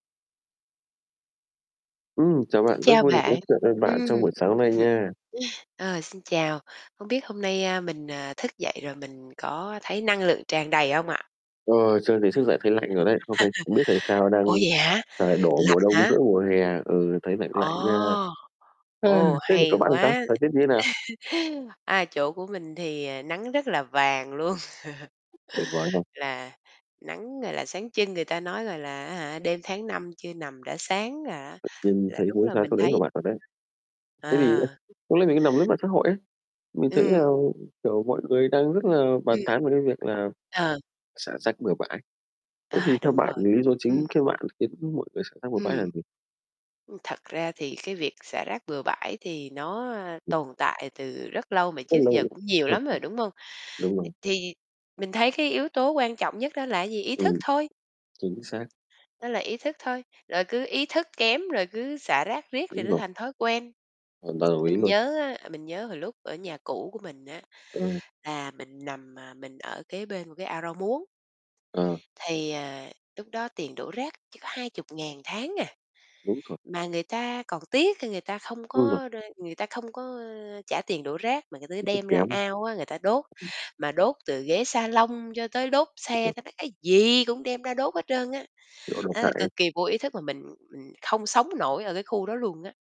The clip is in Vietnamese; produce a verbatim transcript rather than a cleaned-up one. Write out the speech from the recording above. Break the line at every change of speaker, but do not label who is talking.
Ừm, chào bạn, rất
Chào
vui được nói
bạn,
chuyện với
ừm.
bạn trong buổi sáng nay nha.
Ờ, xin chào, hông biết hôm nay, a, mình, à, thức dậy rồi mình có thấy năng lượng tràn đầy hông ạ?
Ờ, sơn thì thức dậy thấy lạnh rồi đấy. Hôm nay không biết tại sao
Ủa
đang
vậy hả?
trời đổ
Lạnh
mùa đông
hả?
giữa mùa hè, ừ, thấy lạnh lạnh nha.
Ồ!
Ha,
Ồ,
thế còn chỗ
hay
bạn thì sao?
quá.
Thời tiết như thế nào?
À, chỗ của mình thì nắng rất là vàng luôn.
Tuyệt vời không?
Là nắng, gọi là, sáng trưng. Người ta nói, gọi là, á hả "Đêm tháng năm chưa nằm đã sáng", là á
Tự nhiên
là
thấy
đúng
muốn
là
ra
mình
chỗ đấy
thấy
của bạn thật đấy. Thế thì nhá,
à.
lúc nãy mình có nằm lướt mạng xã hội ấy. Mình thấy là,
Ừm.
kiểu, mọi người đang rất là bàn
Ừm.
tán về cái việc là
Ờ.
xả rác bừa bãi. Thế thì
À,
theo
đúng
bạn
rồi,
vì lý do
ừm.
chính khi bạn khiến mọi người xả rác bừa bãi là
Ừm.
gì?
Ừm, thật ra thì cái việc xả rác bừa bãi thì nó, a,
Ừm.
tồn tại từ rất lâu mà
Rất
trước giờ
lâu.
cũng nhiều lắm rồi, đúng không?
Đúng
Th
rồi.
thì mình thấy cái yếu tố quan trọng nhất đó là cái gì? Ý thức
Ừm,
thôi.
chính xác.
Đó là ý thức thôi, rồi cứ ý thức kém rồi cứ xả rác riết thì
Đúng
nó
rồi.
thành thói quen.
Hoàn toàn đồng ý
Mình
luôn.
nhớ á, mình nhớ hồi lúc ở nhà cũ của mình á,
Ờ.
là mình nằm, à mình ở kế bên một cái ao rau muống.
Ờ.
Thì, ờ, lúc đó tiền đổ rác chỉ có hai chục ngàn tháng à,
Đúng rồi.
mà người ta còn tiếc ra người ta không
Đúng rồi.
có r người ta không có, ơ, trả tiền đổ rác mà người ta
Ý thức
đem ra
kém.
ao á, người ta đốt,
Ừm.
mà đốt từ ghế salon cho tới đốt
Cũng
xe,
được.
ta nói cái gì cũng đem ra đốt hết trơn á.
Kiểu độc
Đó,
hại
là
ấy.
cực kỳ vô ý thức mà mình mình không sống nổi ở cái khu đó luôn á.